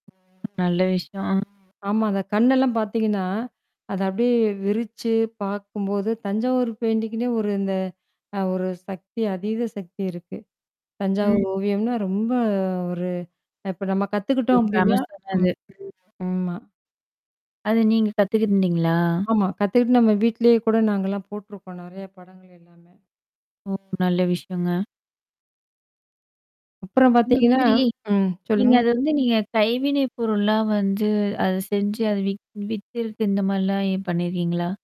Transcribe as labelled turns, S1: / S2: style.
S1: நல்ல விஷயம்.
S2: ஆமா. அந்த கண்ணெல்லாம் பார்த்தீங்கன்னா, அதை அப்படியே விரிச்சு பார்க்கும்போது, தஞ்சாவூர் பெயிண்டிங்க்குன்னே ஒரு இந்த அ ஒரு சக்தி, அதீத சக்தி இருக்கு.
S1: ம்.
S2: தஞ்சாவூர் ஓவியம்னா ரொம்ப ஒரு அ இப்போ நம்ம
S1: ஒரு
S2: கத்துக்கிட்டோம் அப்படின்னா ம்.
S1: ஃபேமஸானது.
S2: ஆமா.
S1: அதை நீங்க கத்துக்கிட்டுருந்தீங்களா?
S2: ஆமா, கத்துக்கிட்டு நம்ம வீட்டிலேயே கூட நாங்கலாம் போட்ருக்கோம் நிறையா படங்கள் எல்லாமே.
S1: ஓ! நல்ல விஷயங்க.
S2: அப்புறம்
S1: இந்த
S2: பார்த்திங்கன்னா
S1: மாதிரி,
S2: ம்.
S1: நீங்க
S2: சொல்லுங்க.
S1: அதை வந்து நீங்க கைவினைப் பொருள்லாம் வந்து, அதை செஞ்சு அதை விக் விக்கறது இந்த மாதிரிலாம் ஏன் பண்ணியிருக்கீங்களா?